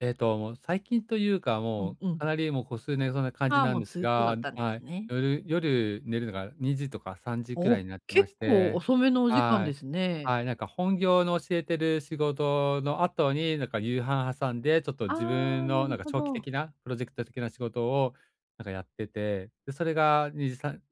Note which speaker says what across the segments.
Speaker 1: えっと、もう最近というか、
Speaker 2: う
Speaker 1: も
Speaker 2: ん
Speaker 1: う、
Speaker 2: うん。
Speaker 1: かなりもう、こ数年そうな感じ
Speaker 2: ああ、
Speaker 1: なん
Speaker 2: もう
Speaker 1: です
Speaker 2: すっとだ
Speaker 1: が
Speaker 2: ったんで
Speaker 1: は
Speaker 2: す
Speaker 1: い、
Speaker 2: ね。
Speaker 1: 夜夜寝るのが2時とか3時くら
Speaker 2: お、
Speaker 1: いになってま
Speaker 2: 結
Speaker 1: し
Speaker 2: 構
Speaker 1: て、
Speaker 2: 遅めのお時間
Speaker 1: は
Speaker 2: で
Speaker 1: い、
Speaker 2: すね。
Speaker 1: はい、なんか本業の教えてる仕事の後に、なんか夕飯挟んで、ちょっと
Speaker 2: あ
Speaker 1: 自分
Speaker 2: あ、な
Speaker 1: のな
Speaker 2: る
Speaker 1: んか、
Speaker 2: ほ
Speaker 1: 長期
Speaker 2: ど。
Speaker 1: 的なプロジェクト的な仕事をなんかやってて、で、それが2時さん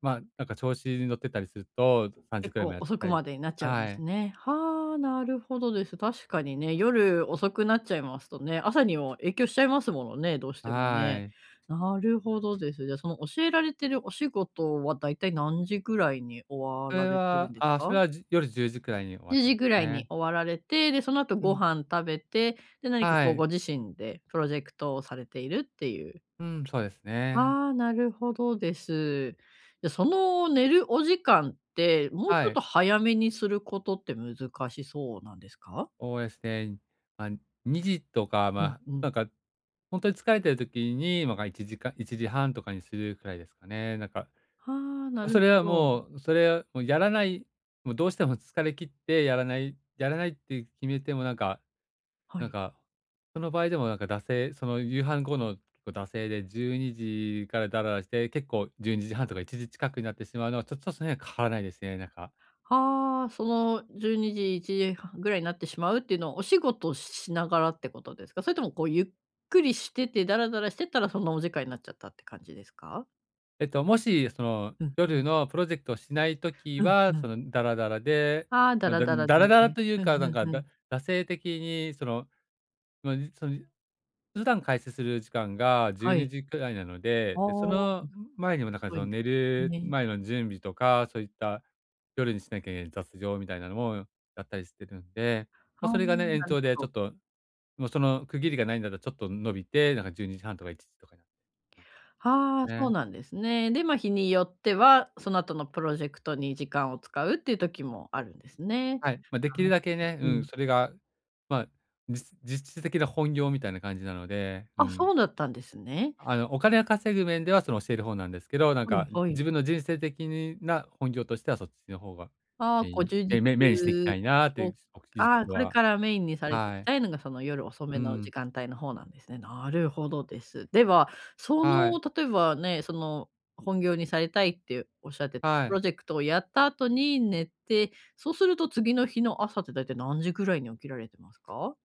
Speaker 1: まあ、なんか調子に乗ってたりすると3時
Speaker 2: 結
Speaker 1: くらいまで
Speaker 2: 構、
Speaker 1: やっ
Speaker 2: 遅
Speaker 1: た
Speaker 2: く
Speaker 1: り
Speaker 2: までになっちゃうんで
Speaker 1: は
Speaker 2: す
Speaker 1: い。
Speaker 2: ね。はあ、なるほどです。確かにね、夜遅くなっちゃいますとね、朝にも影響しちゃいますものね、どうしても
Speaker 1: は
Speaker 2: ね。
Speaker 1: い。
Speaker 2: なるほどです。じゃ、その教えられてるお仕事は、大体何時ぐらいに終
Speaker 1: そ
Speaker 2: わ
Speaker 1: れ
Speaker 2: られてる
Speaker 1: は
Speaker 2: んで
Speaker 1: ああ、そ
Speaker 2: か？
Speaker 1: れは、じ夜10時くらいに終わっ
Speaker 2: じゅう
Speaker 1: てま
Speaker 2: じぐらい
Speaker 1: ね。
Speaker 2: に終わられて、でその後
Speaker 1: う
Speaker 2: ご
Speaker 1: ん。
Speaker 2: 飯食べて、で、何か
Speaker 1: は
Speaker 2: こう
Speaker 1: い。
Speaker 2: ご自身でプロジェクトをされているっていう
Speaker 1: うん、そうですね。
Speaker 2: ああ、なるほどです。じゃ、その寝るお時間って、もうち
Speaker 1: は
Speaker 2: ょっ
Speaker 1: い。
Speaker 2: と早めにすることって難しそうなんですか？
Speaker 1: おおえすね、ま、2時とか
Speaker 2: うん
Speaker 1: まあ、
Speaker 2: う
Speaker 1: な
Speaker 2: ん。
Speaker 1: んかほんとに疲れている時にま、が1時間1時30分とかにするくらいですかね、なんか
Speaker 2: はあ、な
Speaker 1: そ
Speaker 2: る
Speaker 1: れは
Speaker 2: ほど。
Speaker 1: もう、それをもうやらないもうどうしても疲れきってやらない。やらないって決めてもなんか
Speaker 2: は
Speaker 1: なん
Speaker 2: い。
Speaker 1: か、その場合でもなんか惰性、その夕飯後のこう惰性で12時からダララして、結構12時30分とか1時近くになってしまうのは、ちょちょっと、その辺変わらないですね、なんか
Speaker 2: はあ、その12時、1時30分ぐらいになってしまうっていうのは、お仕事ししながらってことですか？それともこうゆっくりしてて、ダラダラしてたらそのお時間になっちゃったって感じですか？
Speaker 1: えっと、もしその
Speaker 2: うんう
Speaker 1: 夜
Speaker 2: ん。
Speaker 1: のプロジェクトをしない時
Speaker 2: うん
Speaker 1: は、
Speaker 2: う
Speaker 1: そ
Speaker 2: ん。
Speaker 1: の、ダラダラで、
Speaker 2: ああ、だ
Speaker 1: ま、
Speaker 2: ら
Speaker 1: だ
Speaker 2: だら
Speaker 1: ダ
Speaker 2: だ
Speaker 1: ラ
Speaker 2: よ
Speaker 1: ダラ
Speaker 2: ね。
Speaker 1: という
Speaker 2: う
Speaker 1: か
Speaker 2: ん
Speaker 1: なん
Speaker 2: う
Speaker 1: か、
Speaker 2: んう
Speaker 1: だ
Speaker 2: ん。
Speaker 1: 惰性的にその、のにそゆ普段開始する時間がじゅう
Speaker 2: は
Speaker 1: に
Speaker 2: い。
Speaker 1: じくらいなの
Speaker 2: あ
Speaker 1: で、
Speaker 2: あ、
Speaker 1: で、そ
Speaker 2: うん。
Speaker 1: の前にもなんか、そ
Speaker 2: は
Speaker 1: の、
Speaker 2: い、
Speaker 1: 寝る
Speaker 2: ね。
Speaker 1: 前の準備とか、そういった夜にしなきゃいけない雑情みたいなのもやったりしてるんで、
Speaker 2: あ
Speaker 1: ま、そ
Speaker 2: あ、
Speaker 1: れがね、延
Speaker 2: なる
Speaker 1: 長で
Speaker 2: ほ
Speaker 1: ちょっ
Speaker 2: ど。
Speaker 1: ともうその区切りがないんだたちょっと伸びて、なんか12時30分とか1時とかにな
Speaker 2: ああ、
Speaker 1: ま、
Speaker 2: そう
Speaker 1: ね。
Speaker 2: なんですね。で、ま、日によっては、その後のプロジェクトに時間を使うっていう時もあるんですね。
Speaker 1: はい、まあ、で
Speaker 2: あ
Speaker 1: きる
Speaker 2: あ、う
Speaker 1: だけね、う
Speaker 2: う
Speaker 1: ん、
Speaker 2: ん。
Speaker 1: それがまあ、じす実質的な本業みたいな感じなので、う
Speaker 2: あ、
Speaker 1: ん。
Speaker 2: そうだったんですね。
Speaker 1: あの、お金が稼ぐ面では、その教える方なんですけど、なん
Speaker 2: は
Speaker 1: か、
Speaker 2: いはい。
Speaker 1: 自分の人生的にな本業としてはそっちの方が、
Speaker 2: ああ、
Speaker 1: メイ
Speaker 2: こう
Speaker 1: ン、
Speaker 2: 充実
Speaker 1: めめメイしていきたいなってい
Speaker 2: を
Speaker 1: うお時
Speaker 2: ああ、
Speaker 1: 期
Speaker 2: これ
Speaker 1: は
Speaker 2: からメインにされてい
Speaker 1: は
Speaker 2: き
Speaker 1: い。
Speaker 2: たいのが、その夜遅
Speaker 1: う
Speaker 2: めの時
Speaker 1: ん。
Speaker 2: 間帯の方なんですね。なるほどです。では、そ
Speaker 1: はい。
Speaker 2: の例えばね、その本業にされたいっておっしゃってた
Speaker 1: は
Speaker 2: プ
Speaker 1: い。
Speaker 2: ロジェクトをやった後に寝て、そうすると次の日の朝ってだいたい何時ぐらいに起きられてますか？